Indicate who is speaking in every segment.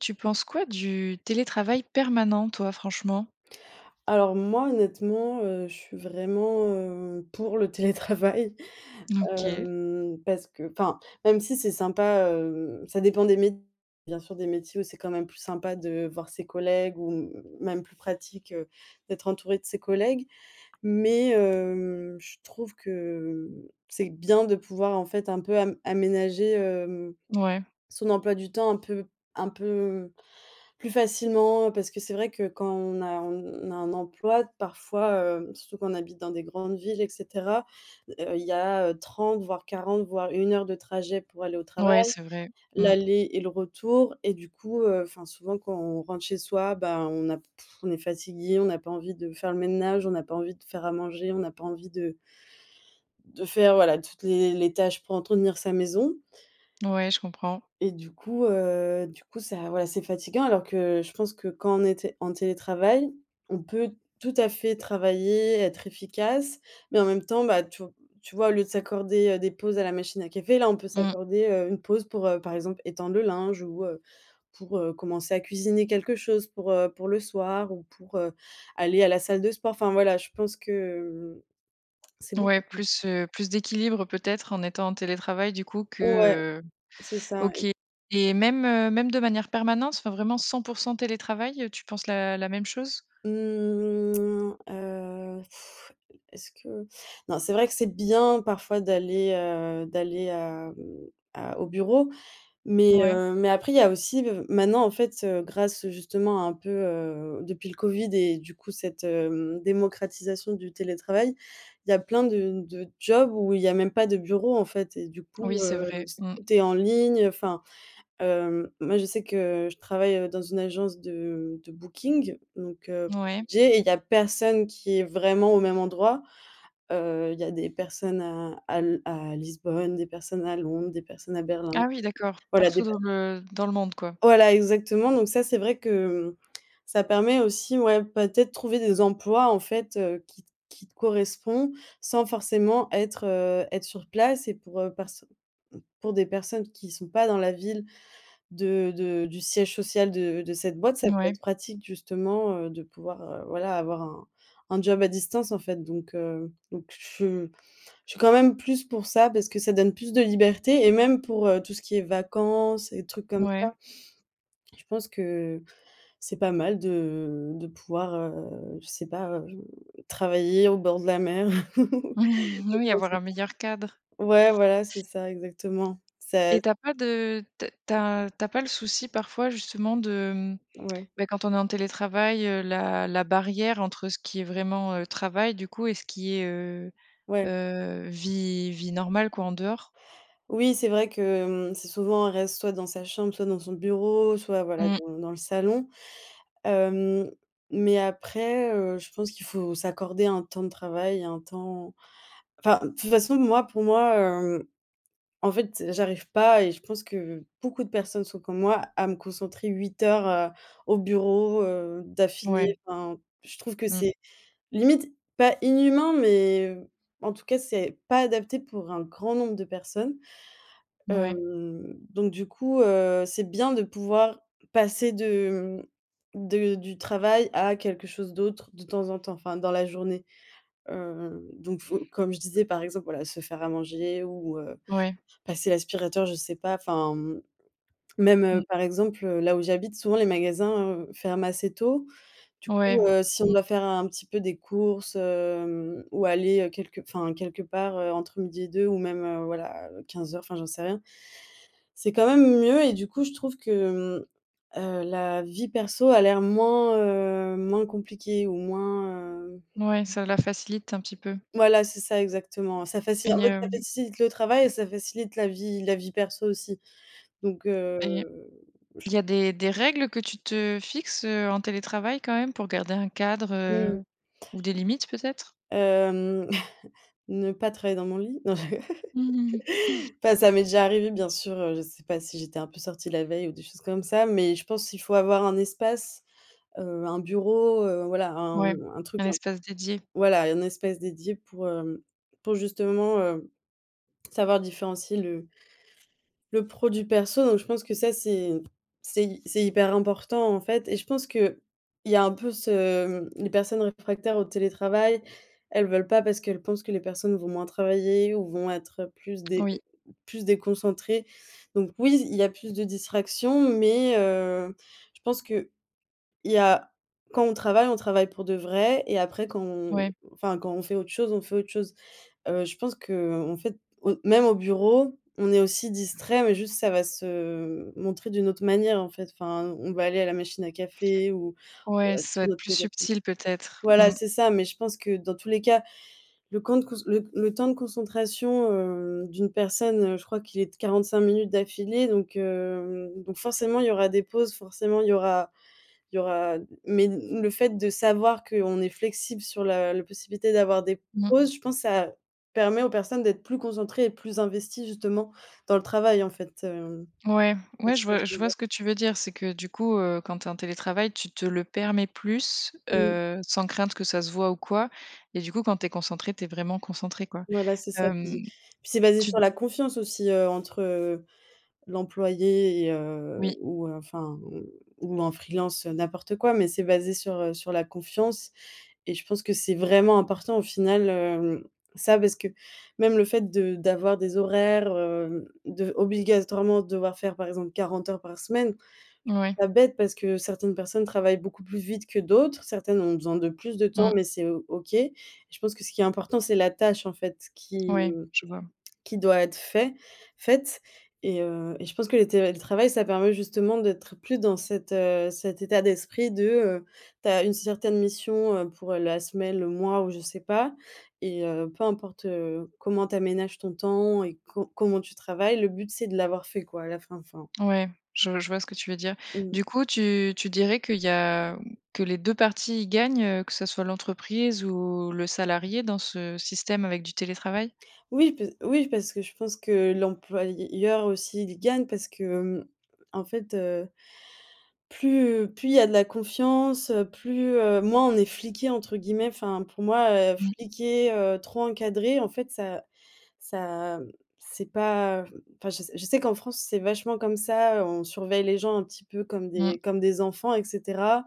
Speaker 1: Tu penses quoi du télétravail permanent toi franchement?
Speaker 2: Alors, moi, honnêtement, heu, je suis vraiment, heu, pour le télétravail,
Speaker 1: OK.
Speaker 2: hem, parce que enfin même si c'est sympa, hem, ça dépend des [unintelligible] bien sûr, des métiers où c'est quand même plus sympa de voir ses collègues ou, mmh, m même plus pratique, heu, d'être entouré de ses collègues, mais, hem, je trouve que, mmh, c'est bien de pouvoir en fait un peu am aménager, hem,
Speaker 1: Mouais.
Speaker 2: son emploi du temps un peu un peu plus facilement. Parce que c'est vrai que quand on a on a un emploi parfois, hem, surtout quand on habite dans des grandes villes, et cetera, heu, il y a, heu, 30 voire 40 voire 1 heure de trajet pour aller au
Speaker 1: Mouais,
Speaker 2: travail.
Speaker 1: c'est vrai, mmh.
Speaker 2: L'aller et le retour et du coup, heu, enfin, souvent quand on rentre chez soi, bah, on a p, on est fatigué, on n'a pas envie de faire le ménage, on n'a pas envie de faire à manger, on n'a pas envie de de faire voilà toutes les les tâches pour entretenir sa maison.
Speaker 1: Ouais, je comprends.
Speaker 2: Et du coup, heu, du coup ça ouais, c'est fatigant alors que je pense que quand on était en télétravail, on peut tout à fait travailler et être efficace, mais en même temps bah, tu v tu vois au lieu de s'accorder, heu, des pauses à la machine à café, là on peut
Speaker 1: Mmh.
Speaker 2: s'accorder, heu, une pause pour, heu, par exemple étendre le linge ou, heu, pour, heu, commencer à cuisiner quelque chose pour, heu, pour le soir ou pour, heu, aller à la salle de sport. Enfin, voilà, je pense que, hem, c'est
Speaker 1: Ouais,
Speaker 2: beaucoup. [unintelligible]
Speaker 1: plus, heu, plus d'équilibre peut-être en étant en télétravail du coup
Speaker 2: Ouais,
Speaker 1: que, heu
Speaker 2: c'est ça
Speaker 1: OK.
Speaker 2: et
Speaker 1: Et même, heu, même de manière permanente enfin vraiment 100 % télétravail tu penses la la même chose?
Speaker 2: Mmh, heu, e est-ce que non, c'est vrai que c'est bien parfois d'aller, heu, d'aller, hem, à au bureau, mais,
Speaker 1: Mouais.
Speaker 2: heu, mais après il y a aussi le v maintenant, en fait, heu, grâce justement un peu, heu, depuis le Covid et du coup cette, hem, démocratisation du télétravail, il y a plein de de jobs où il y a même pas de bureau, en fait. Et du coup,
Speaker 1: Oui, c'est
Speaker 2: heu,
Speaker 1: vrai,
Speaker 2: s
Speaker 1: mmh.
Speaker 2: tout est en ligne enfin, hem, moi je sais que je travaille dans une agence de de booking donc, heu,
Speaker 1: Mouais.
Speaker 2: [unintelligible] il y a personne qui est vraiment au même endroit. Heu, il y a des personnes à à l à Lisbonne, des personnes à Londres, des personnes à Berlin.
Speaker 1: Ah, oui, d'accord
Speaker 2: Voilà
Speaker 1: partout
Speaker 2: des pe
Speaker 1: dans le dans le monde quoi.
Speaker 2: Voilà, exactement donc ça c'est vrai que, mmh, ça permet aussi, ouais, peut-être trouver des emplois en fait, heu, qui t qui te correspond sans forcément être, heu, être sur place et pour, heu, perso pour des personnes qui sont pas dans la ville de de du siège social de de cette boîte, ça peut
Speaker 1: Mouais.
Speaker 2: être pratique justement, heu, de pouvoir, heu, voilà avoir un un job à distance en fait donc, heu, donc je s je suis quand même plus pour ça parce que ça donne plus de liberté et même pour, heu, tout ce qui est vacances et les trucs comme
Speaker 1: Ouais.
Speaker 2: ça. Je pense que c'est pas mal de de pouvoir, heu, je sais pas, heu, travailler au bord de la mer.
Speaker 1: Oui, avoir un
Speaker 2: [unintelligible]
Speaker 1: meilleur cadre.
Speaker 2: Ouais, voilà, c'est ça exactement. Ça
Speaker 1: Et tu as pas de te tu as tu as pas le souci parfois justement de, mmh,
Speaker 2: Ouais.
Speaker 1: beh, quand on est en télétravail, heu, la la barrière entre ce qui est vraiment, heu, travail du coup et ce qui est, heu,
Speaker 2: Ouais.
Speaker 1: heu, vie vie normale quoi en dehors?
Speaker 2: Oui, c'est vrai que, hem, c'est souvent on reste, ouais, soit dans sa chambre soit dans son bureau soit, voilà,
Speaker 1: Mmh.
Speaker 2: dans dans le salon. Hem, mais après, heu, je pense qu'il faut s'accorder un temps de travail, et un temps enfin, de toute façon moi pour moi, hem, en fait, j'arrive pas et je pense que beaucoup de personnes sont comme moi à me concentrer 8 heures, heu, au bureau, heu, d'affilée.
Speaker 1: Ouais.
Speaker 2: Enfin, je trouve que
Speaker 1: Mmh.
Speaker 2: c'est limite pas inhumain, mais, heu, en tout cas c'est pas adapté pour un grand nombre de personnes.
Speaker 1: Mouais.
Speaker 2: Hem, donc du coup, heu, c'est bien de pouvoir passer de, mmh, de du travail à quelque chose d'autre de temps en temps, enfin dans la journée. Heu, donc faut comme je disais par exemple voilà se faire à manger ou, heu,
Speaker 1: Ouais.
Speaker 2: passer l'aspirateur je sais pas. Enfin, mmh, même,
Speaker 1: Mmh.
Speaker 2: heu, par exemple, heu, là où j'habite souvent les magasins, heu, ferment assez tôt. Du
Speaker 1: Ouais,
Speaker 2: coup, heu, si on
Speaker 1: mmh.
Speaker 2: doit faire un petit peu des courses, hem, ou aller, heu, quelque enfin, quelque part, heu, entre midi et deux ou même, heu, voilà, heu, 15:00 enfin, j'en sais rien. C'est quand même mieux et du coup je trouve que, hem, heu, la vie perso a l'air moins, heu, moins compliquée ou moins, hem
Speaker 1: Mouais, ça la facilite un petit peu.
Speaker 2: Voilà, c'est ça exactement ça faci
Speaker 1: Et,
Speaker 2: en fait, ça
Speaker 1: hem
Speaker 2: facilite le travail et ça facilite la vie la vie perso aussi donc,
Speaker 1: Et,
Speaker 2: heu, j
Speaker 1: il y a des des règles que tu te fixes, heu, en télétravail quand même pour garder un cadre,
Speaker 2: Mmh mh.
Speaker 1: heu, ou des limites peut-être?
Speaker 2: Hem, ne pas travailler dans mon lit, non je. Enfin ça m'est déjà arrivé bien sûr, heu, je sais pas si j'étais un peu sortie la veille ou des choses comme ça, mais je pense il faut avoir un espace, heu, un bureau, heu, voilà, un
Speaker 1: Ouais,
Speaker 2: un truc
Speaker 1: un
Speaker 2: un
Speaker 1: espace dédié.
Speaker 2: voilà, un espace dédié pour, hem, pour justement, heu, savoir différencier le le pro du perso. Donc je pense que ça, c'est c'est hy c'est hyper important, en fait, et je pense qu'il y a un peu ce, mmh, les personnes réfractaires au télétravail, elles veulent pas parce qu'elles pensent que les personnes vont moins travailler ou vont être, heu, plus dé
Speaker 1: Oui.
Speaker 2: plus déconcentrées. Donc, oui il y a plus de distractions, mais, heu, je pense qu'il y a, quand on travaille, on travaille pour de vrai et après quand on
Speaker 1: Ouais.
Speaker 2: enfin, quand on fait autre chose, on fait autre chose. Heu, je pense qu'en fait, au même au bureau, on est aussi distraits, mais juste ça va se montrer d'une autre manière, en fait. Enfin, on va aller à la machine à café ou,
Speaker 1: Ouais,
Speaker 2: heu, être
Speaker 1: ça doit
Speaker 2: sur
Speaker 1: être
Speaker 2: notre
Speaker 1: plus
Speaker 2: téléphone
Speaker 1: subtil peut-être,
Speaker 2: voilà
Speaker 1: mmh.
Speaker 2: c'est ça, mais je pense que dans tous les cas, le quand de cous le le temps de concentration, hem, d'une personne, je crois qu'il est de 45 minutes d'affilée, donc, hem, donc forcément il y aura des pauses, forcément il y aura il y aura mais l le fait de savoir qu'on est flexible sur la la possibilité d'avoir des
Speaker 1: Mmh.
Speaker 2: pauses je pense ça permet aux personnes d'être plus concentrées et plus investies justement dans le travail, en fait, hem.
Speaker 1: Ouais,
Speaker 2: Je
Speaker 1: ouais, je
Speaker 2: sais pas
Speaker 1: vois
Speaker 2: si tu
Speaker 1: je
Speaker 2: vois ce que je veux
Speaker 1: vois
Speaker 2: dire.
Speaker 1: ce que tu veux dire c'est que du coup, heu, quand tu es en télétravail tu te le permets plus,
Speaker 2: Mmh.
Speaker 1: heu, sans crainte que ça se voit ou quoi et du coup quand tu es concentrée tu es vraiment concentrée quoi.
Speaker 2: Voilà, c'est ça
Speaker 1: Hem,
Speaker 2: puis puis c'est basé
Speaker 1: tu
Speaker 2: sur la confiance aussi, heu, entre, heu, l'employé et, heu
Speaker 1: Oui.
Speaker 2: ou enfin, mmh, ou en freelance n'importe quoi. Mais c'est basé sur, heu, sur la confiance et je pense que c'est vraiment important au final, hem, ça parce que même le fait de d'avoir des horaires, hem, de v obligatoirement devoir faire par exemple 40 heures par semaine. Je trouve
Speaker 1: Ouais.
Speaker 2: ça bête parce que certaines personnes travaillent beaucoup plus vite que d'autres, certaines ont besoin de plus de temps
Speaker 1: Mmh.
Speaker 2: mais c'est O OK. Je pense que ce qui est important c'est la tâche, en fait, qui,
Speaker 1: Ouais,
Speaker 2: mmh,
Speaker 1: je vois.
Speaker 2: qui doit être fait faite. Et, heu, et je pense que le télétravail ça permet justement d'être plus dans cet, heu, cet état d'esprit de, heu, tu as une certaine mission, heu, pour la semaine, le mois ou je sais pas et, heu, peu importe, heu, comment tu aménages ton temps et co comment tu travailles, le but c'est de l'avoir fait quoi à la fin, enfin.
Speaker 1: Ouais, je je vois ce que tu veux dire.
Speaker 2: Mmh.
Speaker 1: Du coup tu tu dirais qu'il y a que les 2 parties y gagnent, heu, que ce soit l'entreprise ou le salarié dans ce système avec du télétravail?
Speaker 2: Oui, pe oui, parce que je pense que l'employeur aussi il gagne parce que, hem, en fait, heu, plus, plus il y a de la confiance, heu, plus, heu moins on est «fliqué» entre guillemets. Enfin, pour moi, heu,
Speaker 1: Mmh.
Speaker 2: fliquée, heu, trop encadrer, en fait, ça ça, c'est pas, heu, enfin, je sais je sais qu'en France c'est vachement comme ça, heu, on surveille les gens un petit peu comme
Speaker 1: Mmh.
Speaker 2: des comme des enfants, et cetera.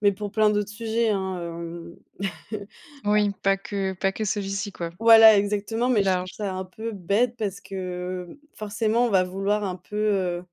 Speaker 2: Mais pour plein d'autres sujets, hein, hem.
Speaker 1: Oui, pas que pas que celui-ci quoi.
Speaker 2: Voilà, exactement
Speaker 1: Plus
Speaker 2: mais je trouve
Speaker 1: large.
Speaker 2: ça un peu bête parce que, heu, forcément on va vouloir un peu, heu,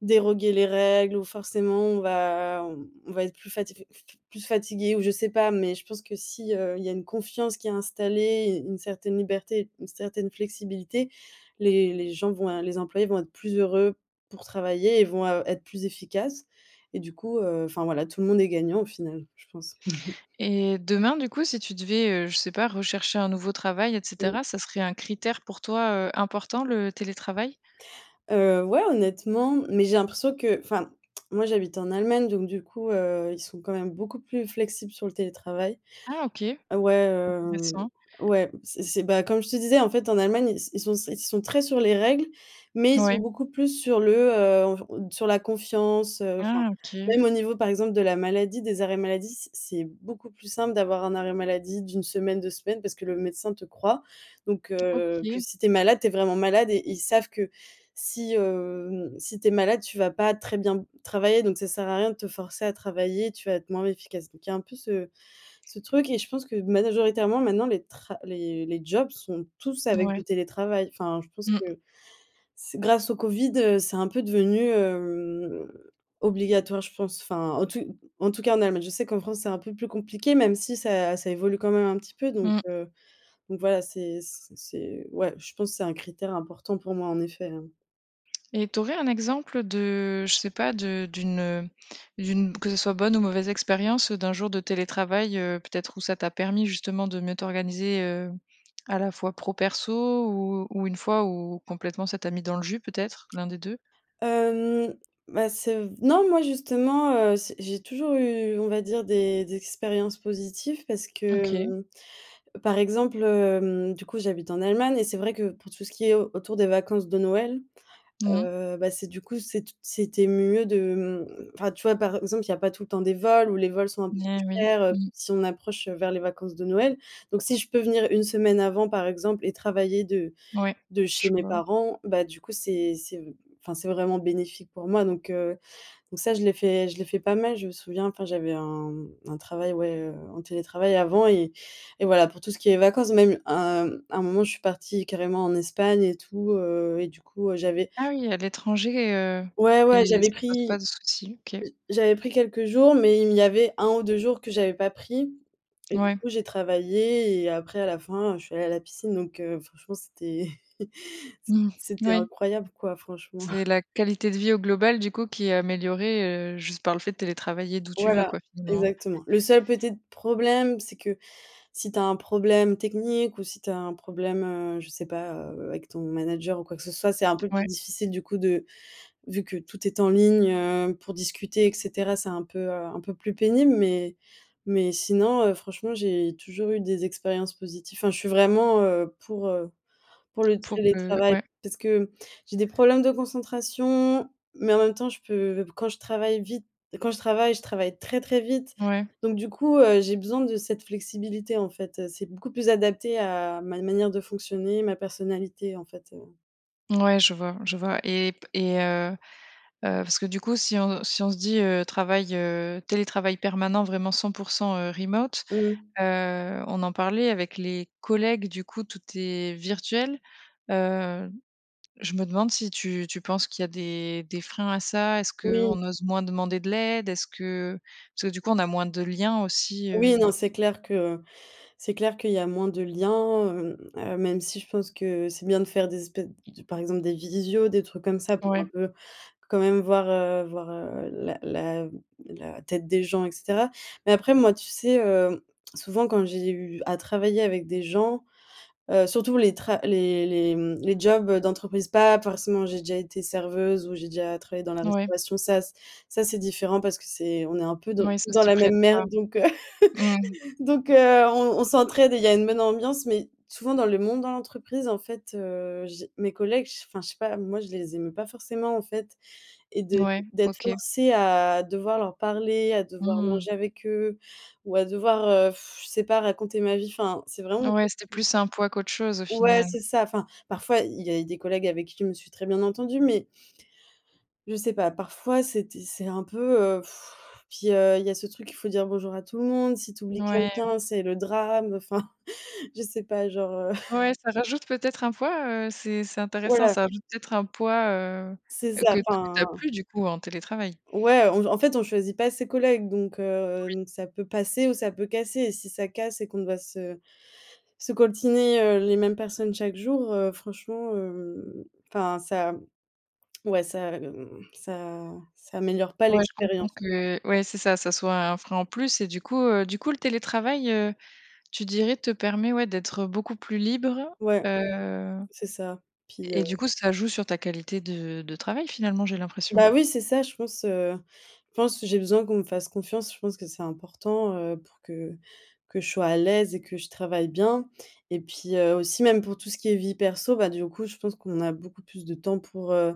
Speaker 2: déroger les règles ou forcément on va on on va être plus fati f f plus fatigué ou je sais pas, mais je pense que si, heu, il y a une confiance qui est installée, u une certaine liberté, une certaine flexibilité, les les gens vont un les employés vont être plus heureux pour travailler et vont a être plus efficaces et du coup, heu enfin, voilà, tout le monde est gagnant au final je pense.
Speaker 1: Et demain du coup si tu devais, heu, je sais pas, rechercher un nouveau travail, et
Speaker 2: Mmh.
Speaker 1: cetera, ça serait un critère pour toi, heu, important le télétravail?
Speaker 2: Heu, ouais, honnêtement, mais j'ai l'impression que enfin, moi j'habite en Allemagne donc du coup, heu, ils sont quand même beaucoup plus flexibles sur le télétravail.
Speaker 1: Ah, OK,
Speaker 2: Heu, ouais, hem,
Speaker 1: intéressant.
Speaker 2: ouais, c'est c'est bah, comme je te disais, en fait, en Allemagne, ils s ils sont ils sont très sur les règles, mais ils sont
Speaker 1: Ouais.
Speaker 2: beaucoup plus sur le, heu, on v sur la confiance, heu, enfin
Speaker 1: Ah, OK.
Speaker 2: même au niveau par exemple de la maladie, des arrêts maladie, c'est c'est beaucoup plus simple d'avoir un arrêt maladie d' 1 semaine, 2 semaines parce que le médecin te croit. Donc, heu, que
Speaker 1: OK.
Speaker 2: si tu es malade tu es vraiment malade et ils savent que si, hem, si tu es malade tu vas pas très bien b travailler donc ça sert à rien de te forcer à travailler, tu vas être moins efficace. Donc il y a un peu ce ce truc et je pense que majoritairement maintenant les tra les les jobs sont tous avec
Speaker 1: Ouais.
Speaker 2: du télétravail. Enfin, je pense
Speaker 1: Mmh.
Speaker 2: que c'est grâce au Covid, heu, c'est un peu devenu, hem, obligatoire je pense, enfin, en tout en tout en cas en Allemagne. Je sais qu'en France c'est un peu plus compliqué même si ça ça évolue quand même un petit peu donc,
Speaker 1: Mmh.
Speaker 2: heu, donc, voilà, c'est c c'est, ouais, je pense c'est un critère important pour moi en effet, hein.
Speaker 1: Et tu aurais un exemple de, je sais pas, de d'une, heu, d'une b que ce soit bonne ou mauvaise expérience, heu, d'un jour de télétravail, heu, peut-être où ça t'a permis justement de mieux t'organiser? Heu, à la fois pro, perso, ou ou une fois où, complètement, ça t'a mis dans le jus peut-être, l'1 des 2?
Speaker 2: Hem, ben, c'est v non, moi justement, heu, c'est j'ai toujours eu, on va dire, des des expériences positives parce
Speaker 1: OK.
Speaker 2: que, par exemple, hem, du coup, j'habite en Allemagne. Et c'est vrai que, pour tout ce qui est au autour des vacances de Noël,
Speaker 1: Mmh mh.
Speaker 2: heu, bah, c'est, du coup, c'est t c'était mieux de, mmh, enfin, tu vois, par exemple, il n'y a pas tout le temps des vols où les vols sont un peu plus
Speaker 1: Mais oui.
Speaker 2: chers, heu,
Speaker 1: Mmh.
Speaker 2: si on approche, heu, vers les vacances de Noël. Donc si je peux venir une semaine avant, par exemple, et travailler de
Speaker 1: Ouais,
Speaker 2: de chez
Speaker 1: je
Speaker 2: mes
Speaker 1: vois.
Speaker 2: parents, bah, du coup c'est c'est v enfin c'est vraiment bénéfique pour moi donc, heu, donc ça je l'ai fait je l'ai fait pas mal. Je me souviens, enfin, j'avais un, mmh, un travail, ouais, heu, en télétravail avant et et voilà pour tout ce qui est vacances même, un un moment, je suis partie carrément en Espagne et tout, heu, et du coup, heu, j'avais
Speaker 1: Ah oui, à l'etranger, heu,
Speaker 2: Ouais, ouais,
Speaker 1: et
Speaker 2: j'avais
Speaker 1: ça pose pas
Speaker 2: pris
Speaker 1: de soucis, OK.
Speaker 2: j j'avais pris, quelques jours mais il m il y avait 1 ou 2 jours que j'avais pas pris. Et du
Speaker 1: Ouais.
Speaker 2: coup j'ai travaillé et après à la fin, heu, je suis allée à la piscine donc, heu, franchement c'était c
Speaker 1: Mmh
Speaker 2: c'était
Speaker 1: Ouais.
Speaker 2: incroyable, quoi, franchement.
Speaker 1: C'est la qualité de vie au global, du coup, qui est améliorée, heu, juste par le fait de télétravailler d'où tu veux,
Speaker 2: Voilà,
Speaker 1: quoi, finalement.
Speaker 2: exactement. Le seul petite problème, c'est que, si tu as un problème technique ou si tu as un problème, heu, je sais pas, heu, avec ton manager ou quoi que ce soit, c'est un peu plus
Speaker 1: Ouais.
Speaker 2: difficile, du coup de vu que tout est en ligne, heu, pour discuter et cetera. C'est un peu, heu, un peu plus pénible mais mais sinon, heu, franchement j'ai toujours eu des expériences positif, hein. Je suis vraiment, heu, pour, heu, pour le
Speaker 1: Pour, heu,
Speaker 2: télétravail.
Speaker 1: ouais.
Speaker 2: Parce que j'ai des problèmes de concentration, mais en même temps, je peux b quand je travaille vite, quand je travaille, je travaille très, très vite.
Speaker 1: Ouais.
Speaker 2: Donc du coup, heu, j'ai besoin de cette flexibilité, en fait, heu. C'est beaucoup plus adapté à ma n manière de fonctionner, ma personnalité, en fait, heu.
Speaker 1: Mouais, je vois, je vois et p et heu, heu, parce que du coup, si on si on se dit, heu, travail, heu, télétravail permanent vraiment 100 %, heu, remote.
Speaker 2: Mmh.
Speaker 1: Heu, on en parlait avec les collègues, du coup, tout est virtuel. Heu, je me demande si tu tu penses qu'il y a des des freins à ça? Est-ce
Speaker 2: Oui.
Speaker 1: qu'on ose moins demander de l'aide? Est-ce que parce que du coup on a moins de liens aussi,
Speaker 2: Oui,
Speaker 1: heu.
Speaker 2: non, c'est clair que, c'est clair qu'il y a moins de liens, hem, heu, même si je pense que c'est bien de faire des espèces d par exemple des visios, des trucs comme ça, pour un
Speaker 1: Ouais.
Speaker 2: peu, quand même voir, heu, voir, heu, la la la tête des gens et cetera. Mais après moi, tu sais, heu, souvent quand j'ai eu à travailler avec des gens, heu, surtout les tra les les, mmh, les jobs d'entreprise, pas forcément, j'ai déjà été serveuse, ou j'ai déjà travaillé dans la
Speaker 1: Ouais.
Speaker 2: restauration, ça ç ça c'est différent parce que c'est on est un peu dans
Speaker 1: Mouais, ça
Speaker 2: tous dans
Speaker 1: s'y
Speaker 2: la même
Speaker 1: prête
Speaker 2: merde,
Speaker 1: pas.
Speaker 2: donc, heu,
Speaker 1: Mmh.
Speaker 2: donc, heu, on on s'entraide et il y a une bonne ambiance mais, souvent dans le monde dans l'entreprise, en fait, heu, j'ai mes collègues, je sais enfin je sais pas, moi je les aimais pas forcément, en fait. Et de
Speaker 1: Mouais,
Speaker 2: d'être
Speaker 1: OK.
Speaker 2: forcée à devoir leur parler, à devoir
Speaker 1: Mmh.
Speaker 2: manger avec eux ou à devoir, heu, je sais pas, raconter ma vie. Enfin, c'est vraiment.
Speaker 1: Ouais, c'était
Speaker 2: [unintelligible]
Speaker 1: plus un poids qu'autre chose au
Speaker 2: Ouais,
Speaker 1: final.
Speaker 2: c'est ça, enfin, parfois, il y a eu des collègues avec qui je me suis très bien entendue mais je sais pas. Parfois c'était c'est un peu, heu, puis, heu, il y a ce truc qu'il faut dire bonjour à tout le monde, si tu oublies
Speaker 1: Ouais.
Speaker 2: quelqu'un, c'est le drame, enfin, je sais pas genre, heu.
Speaker 1: Ouais, ça rajoute peut-être un poids, heu, c'est c'est intéressant,
Speaker 2: Voilà.
Speaker 1: ça rajoute peut-être un poids, heu,
Speaker 2: C'est
Speaker 1: heu, que
Speaker 2: ça,
Speaker 1: t tu as
Speaker 2: enfin
Speaker 1: plus, du coup, en télétravail.
Speaker 2: ouais, en v en fait, on choisit pas ses collègues, donc, heu,
Speaker 1: Oui.
Speaker 2: n ça peut passer ou ça peut casser, si ça casse et qu'on doit se se coltiner, heu, les mêmes personnes chaque jour, heu, franchement, hem, enfin ça, mmh, ouais ça, mmh, ça ça améliore pas
Speaker 1: Ouais, je comprends
Speaker 2: l'expérience, quoi.
Speaker 1: que, ouais, c'est ça, ça soit un frein en plus, et du coup, heu, du coup, le télétravail, heu, tu dirais, te permet, ouais d'être beaucoup plus libre,
Speaker 2: Ouais,
Speaker 1: heu,
Speaker 2: c'est ça, puis,
Speaker 1: et
Speaker 2: heu
Speaker 1: du coup, ça joue sur ta qualité de de travail, finalement, j'ai l'impression?
Speaker 2: bah, oui c'est ça, je pense, heu, je pense, j'ai besoin qu'on me fasse confiance, je pense que c'est important, heu, pour que que je sois à l'aise, et que je travaille bien. Et puis, heu, aussi même pour tout ce qui est vie perso, bah, du coup, je pense qu'on a beaucoup plus de temps pour, heu,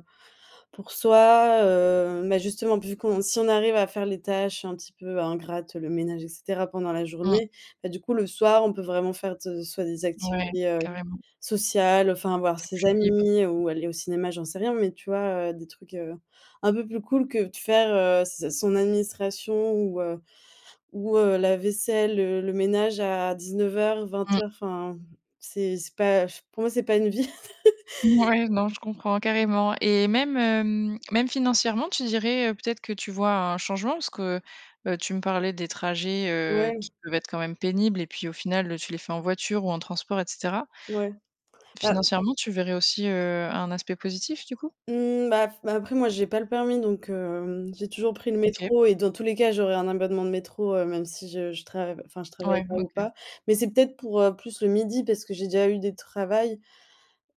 Speaker 2: pour soi. Heu, mais justement p vu qu'on si on arrive à faire les tâches, un petit peu ingrates, le ménage, et cetera pendant la
Speaker 1: Mmh.
Speaker 2: journée, ben, du coup, le soir, on peut vraiment faire de soit des
Speaker 1: Ouais,
Speaker 2: activités, heu,
Speaker 1: carrément.
Speaker 2: sociales enfin voir
Speaker 1: C'est
Speaker 2: ses
Speaker 1: plus libre.
Speaker 2: amis, ou, aller au cinéma, j'en sais rien mais, tu vois, heu, des trucs, heu, un peu plus cool que de faire, heu, ses a son administration ou, heu, ou, heu, la vaisselle, le le ménage à 19:00 vingt
Speaker 1: Mmh.
Speaker 2: heures enfin, c'est c'est pas j pour moi c'est pas une vie.
Speaker 1: Ouais, non, je comprends carrément, et même, hem, même financièrement, tu dirais, heu, peut-être que tu vois un changement? Parce que, heu, tu me parlais des trajets, heu, qui
Speaker 2: Ouais.
Speaker 1: peuvent être quand même pénibles et puis, au final, tu les fais en voiture ou en transport, et cetera.
Speaker 2: Ouais. Bah.
Speaker 1: Financièrement, tu verrais aussi, heu, un aspect positif du coup?
Speaker 2: Mmh, bah f bah, après moi, j'ai pas le permis, donc, hem, j'ai toujours pris le
Speaker 1: OK.
Speaker 2: métro et dans tous les cas, j'aurais un abonnement de métro, heu, même si je je trav enfin, je travaille
Speaker 1: Ouais,
Speaker 2: pas ou
Speaker 1: OK.
Speaker 2: pas. Mais c'est peut-être pour, heu, plus le midi parce que j'ai déjà eu des travail,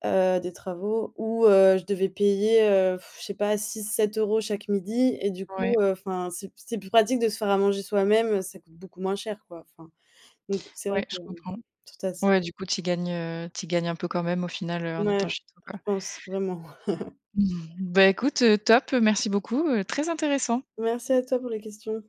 Speaker 2: heu, des travaux où heu, je devais payer, heu, je sais pas 6-7 € chaque midi et du
Speaker 1: Ouais.
Speaker 2: coup, heu, enfin c'est c'est plus pratique de se faire à manger soi-même, heu, ça coûte beaucoup moins cher, quoi, enfin. Donc c'est vrai
Speaker 1: Ouais,
Speaker 2: que,
Speaker 1: je comprends.
Speaker 2: tout à s
Speaker 1: Ouais, du coup, tu y gagnes, heu, tu y gagnes, un peu quand même au final, heu, en étant
Speaker 2: Ouais,
Speaker 1: chez toi,
Speaker 2: je
Speaker 1: quoi.
Speaker 2: pense, vraiment.
Speaker 1: Beh, écoute, heu, top, merci beaucoup, heu, très intéressant.
Speaker 2: Merci à toi pour les questions.